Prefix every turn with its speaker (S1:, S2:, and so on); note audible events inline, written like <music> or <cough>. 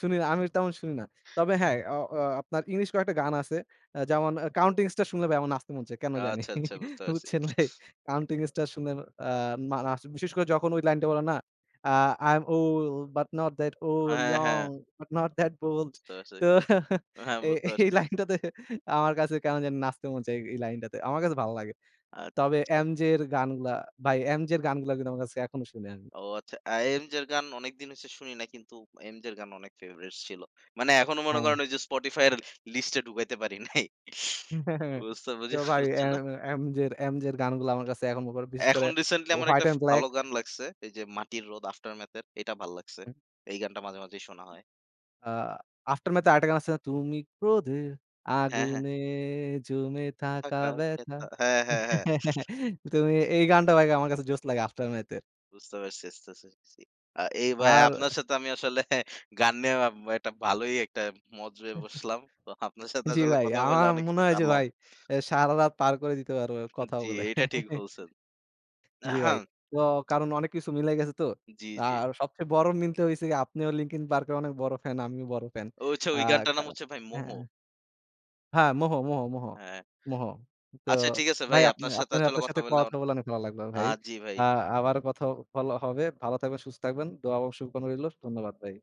S1: শুনি, আমি তেমন শুনি না। তবে হ্যাঁ, অ অ আপনার english কয়েকটা গান আছে, যেমন 'Counting Stars' শুনলে ভাই আমার নাচতে মন চায় কেন জানি।
S2: আচ্ছা, আচ্ছা
S1: <laughs>
S2: বুঝতে পারছি।
S1: বুঝছেন ভাই? Counting Stars শুনলে আ না নাচ বিশেষ করে যখন ওই line টা বলে না, অ্যা "I am old but not that old,
S2: হ্যাঁ, হ্যাঁ।
S1: young but not that bold।"
S2: বুঝতে পারছি।
S1: তো
S2: হ্যাঁ,
S1: এ
S2: বুঝতে
S1: এই
S2: পারছি।
S1: line টাতে আমার কাছে কেন জানি নাচতে মন চায় এ অ্যা এই line টাতে। আমার কাছে ভালো লাগে।
S2: আচ্ছা,
S1: তবে
S2: আচ্ছা।
S1: MJ এর গানগুলা, ভাই MJ এর গানগুলা কিন্তু আমার কাছে এখনো শুনি আমি।
S2: ও আচ্ছা, অ্যা MJ-র গান অনেকদিন হইছে শুনি না কিন্তু অ্যা MJ-র গান অনেক favorite ছিল। মানে এখনো মনে
S1: হ্যাঁ।
S2: করেন ওই যে Spotify-র list-এ ঢুকাইতে পারি নাই।
S1: হু,
S2: <chuckles>
S1: হ্যাঁ, হ্যাঁ।
S2: বুঝতে বুঝছো বুঝে
S1: কিও ভাই, এ
S2: ফেলছো না?
S1: এ MJ এর, MJ এর গানগুলা আমার কাছে এখন আবার বিশেষ করে
S2: এখন recently আমার একটা
S1: 'White এন্ড
S2: ভালো
S1: black.'
S2: গান লাগছে এই যে "মাটির রোদ" 'Aftermath'-এর এটা ভালো লাগছে।
S1: হু।
S2: এই গানটা মাঝে মাঝেই শোনা হয়।
S1: আ 'Aftermath' এর আরেকটা গান আছে না, "তুমি ক্রোধের
S2: হ্যাঁ, হ্যাঁ।
S1: আগুনে জমে থাকা ব্যথা।"
S2: হ্যাঁ, হ্যাঁ, হ্যাঁ।
S1: <laughs> তুমি এই গানটা ভাই আমার কাছে জোস লাগে 'Aftermath' এর।
S2: বুঝতে পারছি। <unintelligible> আ এই ভাই
S1: আর
S2: আপনার সাথে আমি আসলে গান নিয়ে একটা ভালোই একটা মজ হয়ে বসলাম। তো
S1: <chuckles>
S2: আপনার সাথে
S1: জি
S2: আসলে
S1: ভাই,
S2: কথা বলে
S1: আমার
S2: অনেক
S1: মনে
S2: কিছু
S1: হয় যে অ্যা
S2: জানলাম।
S1: ভাই সারারাত পার করে দিতে পারবো কথা
S2: জি,
S1: বলে।
S2: এইটা ঠিক
S1: <chuckles>
S2: বলছেন।
S1: জি ভাই।
S2: <clears throat>
S1: তো কারণ অনেক কিছু মিলে গেছে তো।
S2: জি, জি।
S1: আর সবচেয়ে বড় মিলটা হইছে যে আপনিও 'Linkin Park' এর অনেক বড় fan, আমিও বড় fan।
S2: ও আচ্ছা,
S1: আ
S2: ওই গানটার
S1: কা
S2: নাম হচ্ছে ভাই "মোহ"?
S1: হ্যাঁ, মোহ, 'মোহ,' 'মোহ,'
S2: হ্যাঁ।
S1: 'মোহ'। তো
S2: আচ্ছা ঠিক আছে ভাই,
S1: ভাই আপনে
S2: আপনার সাথে
S1: আপনার,
S2: আসলে
S1: আপনার
S2: কথা
S1: সাথে
S2: বলে
S1: কথা
S2: অন
S1: বলা অনেক ভালো লাগলো
S2: অ্যা
S1: ভাই।
S2: জি ভাই।
S1: আ আবার কথাও বলা হবে। ভালো থাকবেন, সুস্থ থাকবেন। দোয়া ও শুভকামনা রইলো। ধন্যবাদ ভাই।